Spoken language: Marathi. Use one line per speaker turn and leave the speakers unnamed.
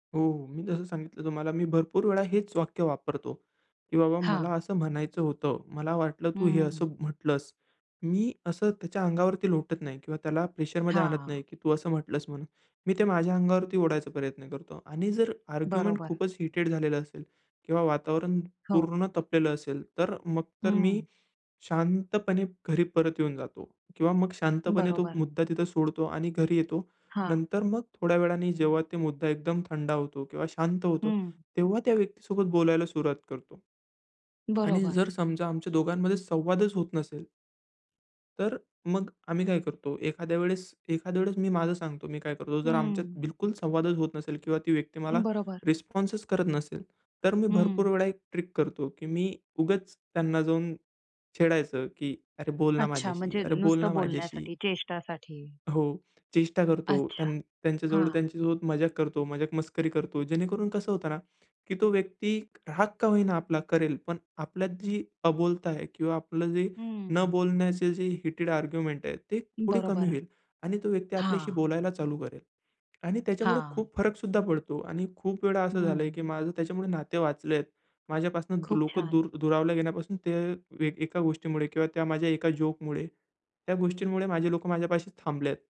हो. मी जसं सांगितलं तुम्हाला मी भरपूर वेळा हेच वाक्य वापरतो की, "बाबा मला
हां.
असं म्हणायचं होतं", "मला वाटलं तू हे
हम्म.
असं म्हटलंस" मी असं त्याच्या अंगावरती लोटत नाही किंवा त्याला प्रेशरमध्ये आणत
हां.
नाही की, "तू असं म्हटलंस" म्हणून, मी ते माझ्या अंगावरती ओढायचा प्रयत्न करतो आणि जर आर्ग्युमेंट
बरोबर.
खूपच हीटेड झालेल असेल किंवा वातावरण
हो.
पूर्ण तपलेलं असेल तर, मग तर मी
हं.
शांतपणे घरी परत येऊन जातो. किंवा मग शांतपणे तो
बरोबर.
मुद्दा तिथं सोडतो आणि घरी येतो.
हां.
नंतर मग थोड्या वेळाने जेव्हा ते मुद्दा एकदम थंडा होतो किंवा शांत होतो,
हम्म
तेव्हा त्या व्यक्तीसोबत बोलायला सुरुवात करतो. आणि
बरोबर.
जर समजा आमच्या दोघांमध्ये संवादच होत नसेल तर मग आम्ही काय करतो, एखाद्या वेळेस एखाद्या वेळेस मी माझं सांगतो मी काय करतो, जर आमच्यात
हम्म.
बिलकुल संवादच होत नसेल किंवा ती व्यक्ती मला
बरोबर.
रिस्पॉन्सच करत नसेल, तर मी भरपूर
हं.
वेळा एक ट्रिक करतो की मी उगाच त्यांना जाऊन छेडायचं की, "अरे बोल ना
अच्छा,
माझ्याशी.
म्हणजे
अरे बोल
नुसतं
ना माझ्याशी."
बोलण्यासाठी, चेष्टासाठी.
हो! चेष्टा करतो.
अच्छा.
त्यां त्यांच्याजवळ
हां.
त्यांच्यासोबत मजाक करतो, मजाक-मस्करी करतो. जेणेकरून कसं होतं ना, की तो व्यक्ती राग का होईना आपला करेल, पण आपल्यात जी अबोलता आहे किंवा आपलं जे न
हम्म.
बोलण्याचे जे हीटेड आर्ग्युमेंट आहे ते थोडी कमी
बरोबरा.
होईल, आणि तो व्यक्ती आपल्याशी
हां
बोलायला चालू करेल. आणि त्याच्यामुळे
हां.
खूप फरक सुद्धा पडतो आणि खूप वेळा असं झालंय
हं.
की माझं त्याच्यामुळे नाते वाचलेत. माझ्यापासून
खूप
लोक
छान.
दूर दुरावला गेल्यापासून ते एक एका गोष्टीमुळे किंवा त्या माझ्या एका जोकमुळे, त्या गोष्टींमुळे माझे लोक माझ्यापाशी थांबलेत.